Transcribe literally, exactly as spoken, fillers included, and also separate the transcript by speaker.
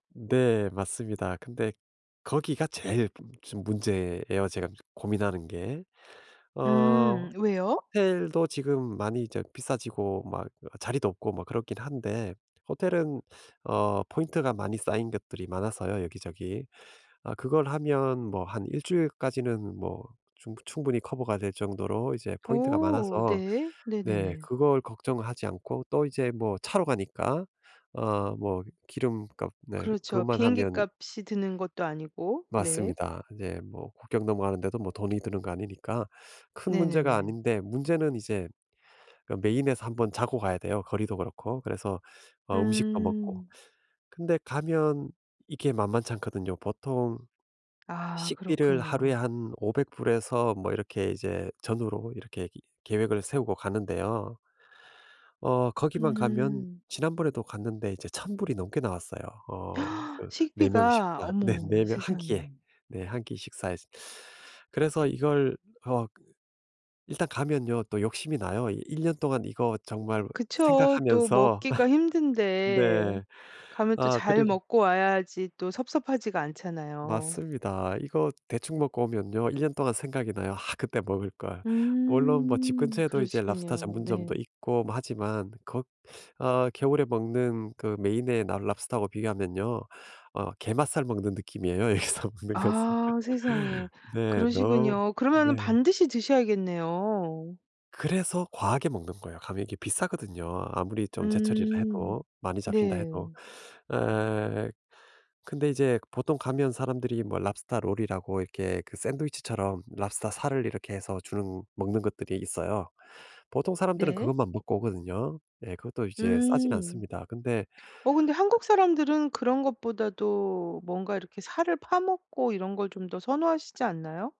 Speaker 1: 네 맞습니다. 근데 거기가 제일 좀 문제에요, 제가 고민하는 게. 어
Speaker 2: 음 왜요?
Speaker 1: 호텔도 지금 많이 저 비싸지고 막 자리도 없고 막 그렇긴 한데 호텔은 어 포인트가 많이 쌓인 것들이 많아서요, 여기저기. 아 그걸 하면 뭐 한 일 주일까지는 뭐 충부 충분히 커버가 될 정도로 이제 포인트가
Speaker 2: 어
Speaker 1: 많아서
Speaker 2: 네.
Speaker 1: 네
Speaker 2: 네네네.
Speaker 1: 그걸 걱정하지 않고 또 이제 뭐 차로 가니까 어 뭐 기름값 네
Speaker 2: 그렇죠.
Speaker 1: 그것만
Speaker 2: 비행기
Speaker 1: 하면
Speaker 2: 값이 드는 것도 아니고. 네.
Speaker 1: 맞습니다. 이제 뭐 국경 넘어가는데도 뭐 돈이 드는 거 아니니까 큰 문제가
Speaker 2: 네네네.
Speaker 1: 아닌데 문제는 이제 그러니까 메인에서 한 번 자고 가야 돼요. 거리도 그렇고. 그래서 어 음식도 먹고.
Speaker 2: 음.
Speaker 1: 근데 가면 이렇게 만만치 않거든요. 보통
Speaker 2: 아
Speaker 1: 식비를 하루에
Speaker 2: 그렇군요.
Speaker 1: 한 오백 불에서 뭐 이렇게 이제 전후로 이렇게 이 계획을 세우고 가는데요. 어 거기만 가면
Speaker 2: 음.
Speaker 1: 지난번에도 갔는데 이제 천 불이 넘게 나왔어요. 어 그 네 명
Speaker 2: 식비가.
Speaker 1: 식사. 네.
Speaker 2: 어머
Speaker 1: 네 명 한 끼에.
Speaker 2: 세상에.
Speaker 1: 네 한 끼 식사에서. 그래서 이걸 어 일단 가면요. 또 욕심이 나요. 이 일 년 동안 이거 정말
Speaker 2: 그쵸. 또
Speaker 1: 생각하면서.
Speaker 2: 먹기가 힘든데
Speaker 1: 네.
Speaker 2: 가면 또
Speaker 1: 아
Speaker 2: 잘
Speaker 1: 그리고
Speaker 2: 먹고 와야지 또 섭섭하지가 않잖아요.
Speaker 1: 맞습니다. 이거 대충 먹고 오면요. 일 년 동안 생각이 나요. '아 그때 먹을 걸.' 물론 뭐 집
Speaker 2: 음
Speaker 1: 근처에도 이제 랍스터
Speaker 2: 그러시군요.
Speaker 1: 전문점도
Speaker 2: 네.
Speaker 1: 있고 뭐 하지만 거 어 겨울에 먹는 그 메인의 라 랍스터 하고 비교하면요. 어 게맛살 먹는 느낌이에요. 여기서 먹는 것은.
Speaker 2: 아 세상에.
Speaker 1: 네. 너
Speaker 2: 그러시군요.
Speaker 1: 네.
Speaker 2: 그러면은 반드시 드셔야겠네요.
Speaker 1: 그래서 과하게 먹는 거예요. 가면 이게 비싸거든요. 아무리 좀 제철이라
Speaker 2: 음.
Speaker 1: 해도 많이 잡힌다 해도.
Speaker 2: 네.
Speaker 1: 어 근데 이제 보통 가면 사람들이 뭐 랍스터 롤이라고 이렇게 샌드위치처럼 랍스터 살을 이렇게 해서 주는 먹는 것들이 있어요. 보통 사람들은
Speaker 2: 네.
Speaker 1: 그것만 먹고 오거든요. 네 그것도 이제 싸진
Speaker 2: 음.
Speaker 1: 않습니다. 근데
Speaker 2: 어 근데
Speaker 1: [unintelligible]
Speaker 2: 한국 사람들은 그런 것보다도 뭔가 이렇게 살을 파먹고 이런 걸 좀 더 선호하시지 않나요?